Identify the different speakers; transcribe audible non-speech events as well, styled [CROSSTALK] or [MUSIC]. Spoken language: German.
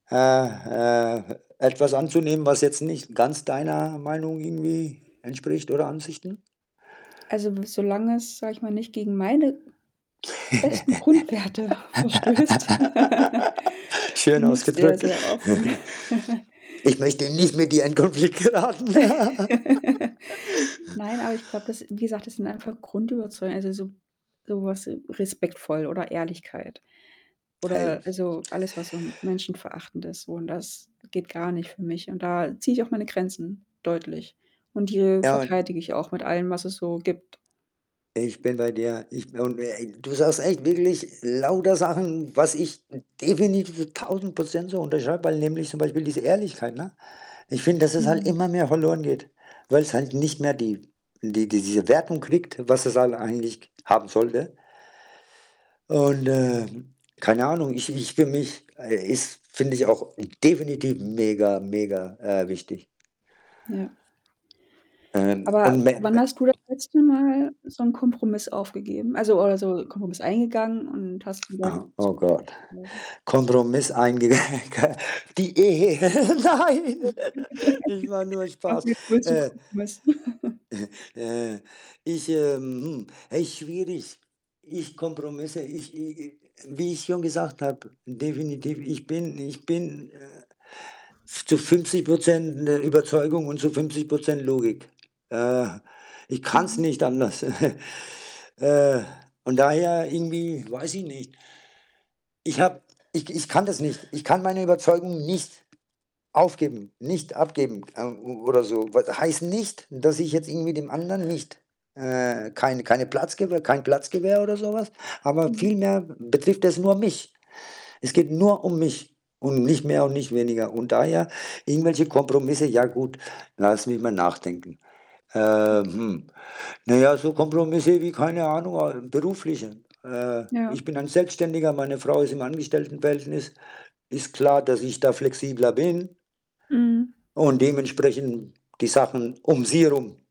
Speaker 1: Äh äh, etwas anzunehmen, was jetzt nicht ganz deiner Meinung irgendwie entspricht oder Ansichten?
Speaker 2: Also w solange es, sage ich mal, nicht gegen meine festen Grundwerte verstößt, [GIGGLES]
Speaker 1: [LAUGHS] Schön
Speaker 2: bin ich sehr,
Speaker 1: ausgedrückt.
Speaker 2: sehr offen. [GIGGLES]
Speaker 1: [CHUCKLES] Ich möchte nicht mit dir in Konflikt geraten. [LAUGHS]
Speaker 2: [LAUGHS] Nein, aber ich glaube, das wie gesagt, das sind einfach Grundüberzeugungen, also, so sowas respektvoll oder Ehrlichkeit oder
Speaker 1: [UNINTELLIGIBLE]
Speaker 2: also, alles, was so menschenverachtend ist, so und das geht gar nicht für mich. Und da ziehe ich auch meine Grenzen deutlich und die
Speaker 1: Ja und
Speaker 2: verteidige ich auch mit allem, was es so gibt.
Speaker 1: ich bin bei dir. Ich und, äh du sagst echt wirklich lauter Sachen, was ich definitiv 1.000 % so unterschreibe, weil nämlich zum Beispiel diese Ehrlichkeit, ne? Ich finde, dass es halt
Speaker 2: Mhm.
Speaker 1: immer mehr verloren geht, weil's halt nicht mehr die die diese Wertung kriegt, was es halt eigentlich haben sollte. Und, äh, keine Ahnung, ich ich für mich, äh, ist finde ich auch definitiv mega, mega, äh, wichtig.
Speaker 2: Ja.
Speaker 1: Ähm, und
Speaker 2: Aber wann
Speaker 1: [UNINTELLIGIBLE]
Speaker 2: hast du das letzte Mal so 'n Kompromiss aufgegeben? Also oder so Kompromiss eingegangen und hast gesagt
Speaker 1: Aha, oh, Gott.
Speaker 2: [UNINTELLIGIBLE]
Speaker 1: Kompromiss einge gell? Die Ehe.
Speaker 2: [UNINTELLIGIBLE]
Speaker 1: Nein,
Speaker 2: [GIGGLES]
Speaker 1: [GIGGLES] ich mache nur
Speaker 2: Ich habe
Speaker 1: Spaß,
Speaker 2: mir [UNINTELLIGIBLE]
Speaker 1: äh
Speaker 2: Kompromiss. [GIGGLES]
Speaker 1: äh äh ich, ähm, hm echt schwierig. Ich Kompromisse, ich i i wie ich schon gesagt habe definitiv, ich bin ich bin, äh, zu 50 % in der Überzeugung und zu 50 % Logik. Äh. Ich kann's
Speaker 2: Mhm.
Speaker 1: nicht anders. [CHUCKLES] Äh. Von daher irgendwie, weiß ich nicht. Ich habe ich k ich kann das nicht. Ich kann meine Überzeugung nicht aufgeben, nicht abgeben o o oder so. Wat heißt nicht, dass ich jetzt irgendwie dem Anderen nicht, äh, kein keinen Platz gebe, kein Platz gewähre oder so was, aber
Speaker 2: Mhm.
Speaker 1: vielmehr betrifft es nur mich. Es geht nur um mich und nicht mehr und nicht weniger und daher irgendwelche Kompromisse, ja gut, lass mich mal nachdenken. Äh,
Speaker 2: Mhm.
Speaker 1: hm. Na ja, so Kompromisse wie keine Ahnung, äh, berufliche. Äh, ich
Speaker 2: Ja.
Speaker 1: bin ein Selbstständiger, meine Frau ist im Angestelltenverhältnis. Ist klar, dass ich da flexibler bin
Speaker 2: Mhm.
Speaker 1: und dementsprechend die Sachen um sie herum.